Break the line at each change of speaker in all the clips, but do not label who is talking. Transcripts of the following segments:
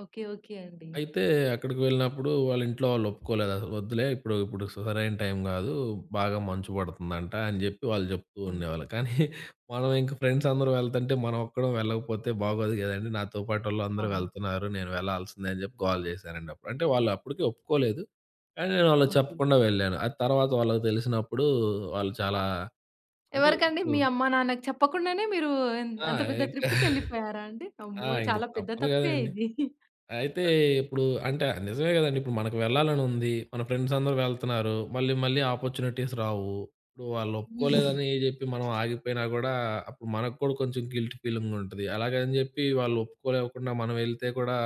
Okay. Okay అండి.
అయితే, అక్కడికి వెళ్ళినప్పుడు వాళ్ళింట్లో వాళ్ళు ఒప్పుకోలేదసలు, "వద్దులే ఇప్పుడు, ఇప్పుడు సు సరైన టైం గాదూ, బాగా మంచు పడుతుందంట." అని చెప్పి వాళ్ళు చెప్తూ
హ్మ్.
ఉండేవాళ్ళు. కానీ మనం ఇంకా, ఫ్రెండ్స్ అందరం వెళ్తుంటే, మనం ఒక్కరం వెళ్ళకపోతే, బాగోదు గదని, నాతో పాటోళ్ళందరూ
అవును.
వెళ్తున్నారు, నేను వెళ్లాల్సిందే అని చెప్పి గోల చేశానండి అప్పుడు. అంటే వాళ్ళప్పుడికీ ఒప్పుకోలేదు, కానీ నేను వాళ్ళకి
ఓకే.
చెప్పకుండా వెళ్ళాను. అది తరవాత వాళ్ళకి తెలిసినప్పుడూ, వాళ్ళు చాలా అంటే
ఎవరికండి?
ఇప్పుడు
మీ అమ్మ, నాన్నకి చెప్పకుండానే మీరూ ఎన్
ఆ!
అంత పెద్ద
ఇంకా
ట్రిప్పుకెళ్ళిపోయారా అండి?
ఆ!
అమ్మో!
ఇంక
చాలా పెద్ద
తప్పదు
తప్పే
గదండి.
ఇది.
అయితే
ఆ!
ఇప్పుడు, అంటే నిజమే కదండి, ఇప్పుడు మనకు వెళ్లాలనుంది, మన ఫ్రెండ్స్ అందరూ వెళ్తున్నారు. మళ్ళీ, మళ్ళీ ఆపర్చునిటీస్ రావు. ఇప్పుడు
హ్మ్.
వాళ్ళొప్పుకోలేదనీ జెప్పి, మనం ఆగిపోయినా గూడా, అప్పుడు మనకు కూడా కొంచెం గిల్ట్ ఫీలింగ్ ఉంటుంది, అలాగని జెప్పీ వాళ్ళొప్పుకోలేకుండా మనం వెళ్తే కూడా,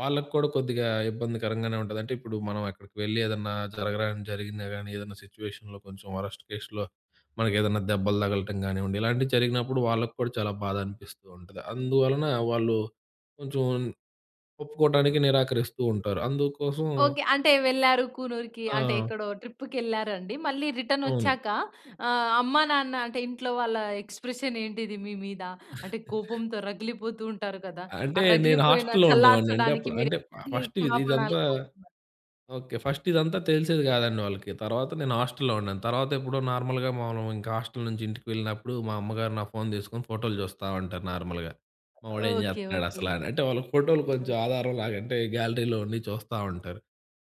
వాళ్ళకి కూడా కొద్దిగా ఇబ్బందికరంగానే ఉంటది. అంటే, ఇప్పుడు మనం అక్కడికి వెళ్ళి, ఏదన్నా జరగరానిది జరిగినా గానీ, ఏదన్నా సిట్యుయేషన్‌లో కొంచెం వరస్ట్ కేష్‌లో, మనకేదన్నా దెబ్బలు తగలటం కానివ్వండి ఇలాంటివి జరిగినప్పుడు, వాళ్ళకి కూడా చాలా బాధనిపిస్తూ ఉంటుంది. అందువలన, వాళ్ళు కొంచెం ఒప్పుకోటానికి నిరాకరిస్తూ ఉంటారు. అందూకోసం
ఓకే. అంటే వెళ్లారు కూనూరుకి, అంటే
ఆ!
ఎక్కడో ట్రిప్పుకెళ్లారండి, మళ్ళీ
అవును.
రిటనొచ్చాక, ఆహ్, అమ్మా, నాన్న అంటే, ఇంట్లో వాళ్ళ ఎక్స్‌ప్రెషనేంటిది, మీ మీద? అంటే, కోపంతో రగిలిపోతూ ఉంటారు కదా! ఆ
అంటే, నేను
రగిలిపోయిన
హాస్టల్లో ఉండేవాడినండి
చల్లార్చడానికి,
అప్పుడు.
మీరు
అంటే ఫ
ఎన్ని
ఫస్టు విది
క్షమాపణలు
ఇదంతా
కోరుకున్నారు?
ఓకే. ఫస్ట్ ఇదంతా తెలిసేది కాదండి వాళ్ళకి. తరవాత నేను హాస్టల్లో ఉన్నాను. తరవాతెప్పుడో నార్మల్‌గా, మామూలుగింక హాస్టలు నుంచి ఇంటికి వెళ్ళినప్పుడు, మా అమ్మగారు నా ఫోను తీసుకొని, ఫోటోలు చూస్తా ఉంటారు నార్మల్‌గా. మా వాడు ఏం
ఓకే.
చేత్తన్నాడు
ఓకే.
అసల అని, అంటే వాళ్ళకి ఫోటోలు కొంచెం
ఆ!
ఆధారం లాగా. అంటే, గ్యాలరీలో ఉన్నయి చూస్తా ఉంటారు.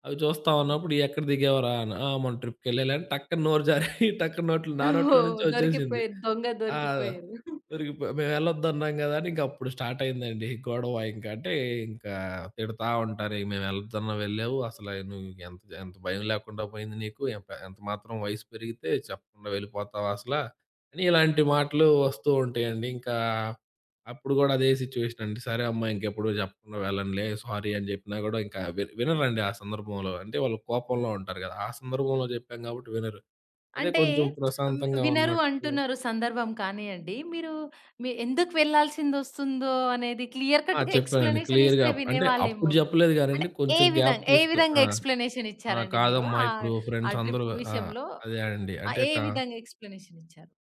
అవి చూస్తా
అవును.
ఉన్నప్పుడు, ఇయ్యేక్కడ దిగావురా అన్నా, "ఆ! మొన్న ట్రిప్‌కెళ్ళాలే." అని టక్కున నోరు జారీ, టక్కున నోట్లో నా నోట్లో
ఓహ్!
నుంచే ఒచ్చేసింది.
దొరికిపోయారు, దొంగ
ఆ!
దొరికిపోయారు.
దొరికిపోయ. మేమెళ్ళొద్దన్నాం గదా అని, ఇంకప్పుడు స్టార్టయిందండీ గొడవ, ఇంకంటే ఇంకా తిడతా ఉంటారు, "మేమెళ్లొద్దున్న వెళ్ళావు, అసలా నువ్వు ఎంత ది ఎంత భయం లేకుండా పోయింది నీకు. ఎంప ఎంత మాత్రం వయసు పెరిగితే, చెప్పకుండా వెళ్ళిపోతావా అసల?" అని ఇలాంటి మాటలు వస్తూ ఉంటాయండి. ఇంకా అప్పుడు గూడా అదే సిట్యుయేషనండి. "సరే అమ్మా! ఇంకెప్పుడూ చెప్పకుండా వెళ్ళనులే. సారీ." అని చెప్పినా గూడా, ఇంకా వి వినరండి ఆ సందర్భంలో. అంటే, వాళ్ళు కోపంలో ఉంటారు గదా! ఆ సందర్భంలో జెప్పాం గాబట్టి వినరు, అదే
అంటే,
కొంచెం
అమ్మే
ప్రశాంతంగా
వినరు
ఉన్నట్టు
అంటున్నారు సందర్భం కానీయండి, మీరూ మీ ఎందుకు వెళ్ళాల్సిందొస్తుందో అనేది, క్లియర్
ఆ!
కట్‌గా
చెప్పానండి క్లియర్‌గా
ఎక్స్‌ప్లనేషనిస్తే,
అప్
వినే
అంటే,
వాళ్ళేమో
అప్పుడు
గద!
చెప్పలేదు
అంటే
గానండి,
ఏ
కొంచెం గ్యాప్
విధంగా ఏ
తీసుకొ
విధంగా
ఆ! ఆ!
ఎక్స్‌ప్లనేషనిచ్చారండి మీరు?
"కాదమ్మా!
ఆ
ఇప్పుడు
ఆ
ఫ్రెండ్స్ అందరూ"
ట్రిప్పు
ఆ!
విషయంలో,
అదే అండి.
ఆహ్,
అంటే
ఏ
క
విధంగా ఎక్స్‌ప్లనేషనిచ్చారు?